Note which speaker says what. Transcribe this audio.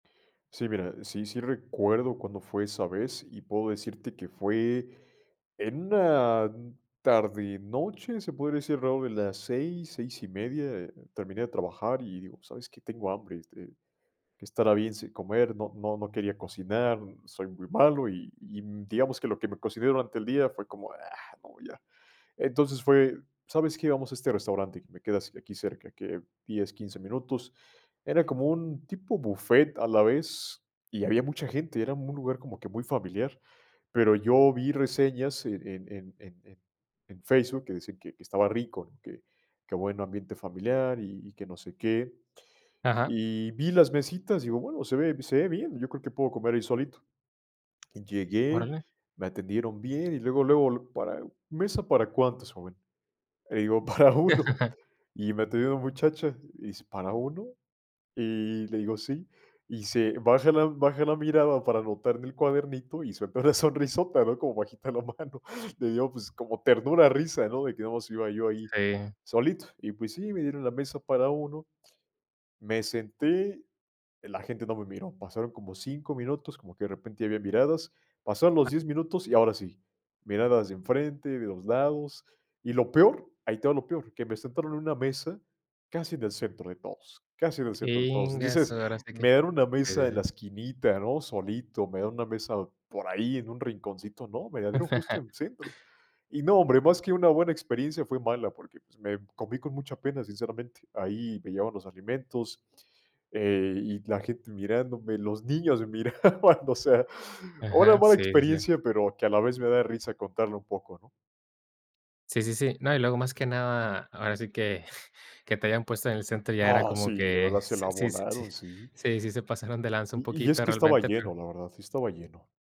Speaker 1: Sí, mira. E sí sí recuerdo cuándo fue esa vez, y puedo decirte que fue en una m tarde-noche, se podría decir, alrededor de las 6, 6 1/2. Terminé de trabajar y digo: "¿Sabes qué? Tengo hambre este, ¿qué estará bien si comer?". No no no quería cocinar, soy muy malo, y y, mm, digamos que lo que me cociné durante el día fue como: "¡Ah!, no, ya". Entonces, fue: "¿Sabes qué? Vamos a este restaurante", que me quedas de aquí cerca. ¿Qué, 10, 15 minutos? Era como un tipo bufet a la vez y había mucha gente. Era un lugar como que muy familiar. Pero yo vi reseñas en en en en en en Facebook que decían que que estaba rico, que que buen ambiente familiar y y que no sé qué.
Speaker 2: Ajá.
Speaker 1: Y vi las mesitas, digo: "Bueno, se ve se ve bien, yo creo que puedo comer ahí solito". Llegué,
Speaker 2: Órale.
Speaker 1: me atendieron bien, y luego, luego, lu para "¿Mesa para cuántos, joven?". Le digo: "Para 1". Y me atendió una muchacha y dice: "¿Para 1?". Y le digo: "Sí". Y se baja la baja la mirada para anotar en el cuadernito, y suelta una sonrisota, ¿no?, como bajita la mano. Le dio, pues, como ternura, risa, ¿no?, de que nada mas iba yo ahí,
Speaker 2: Sí.
Speaker 1: solito. Y pues sí, me dieron la mesa para 1, me senté, la gente no me miró. Pasaron como 5 minutos, como que de repente ya había miradas. Pasaron los 10 minutos y ahora sí, miradas de enfrente, de los lados, y lo peor, ahí te va lo peor, que me sentaron en una mesa casi en el centro de todos, casi en el centro de todos.
Speaker 2: Íngasu.
Speaker 1: Dices:
Speaker 2: Ahora sí que
Speaker 1: "Me dan una
Speaker 2: Sí sí
Speaker 1: mesa en la
Speaker 2: sí.
Speaker 1: esquinita, ¿no? Solito. Me da una mesa por ahí en un rinconcito". ¡No, me la dieron justo en centro! Y no, hombre, más que una buena experiencia, fue mala porque, pues, me comí con mucha pena, sinceramente. Ahí me llevaban los alimentos, eh, y la gente mirándome, los niños miraban, o sea, una
Speaker 2: Aja,
Speaker 1: mala
Speaker 2: sí es ya.
Speaker 1: experiencia, pero que a la vez me da risa contarla un poco, ¿no?
Speaker 2: Sí sí sí. No, y luego más que nada, ahora sí que que te hayan puesto en el centro ya era
Speaker 1: ¡Ah,
Speaker 2: como
Speaker 1: sí! De
Speaker 2: que
Speaker 1: verdad se la
Speaker 2: sí sí sí.
Speaker 1: volaron, sí.
Speaker 2: Sí, se pasaron de lanza un
Speaker 1: Y y es
Speaker 2: poquito
Speaker 1: que estaba
Speaker 2: realmente, pero
Speaker 1: lleno, la verdad. Sí estaba lleno.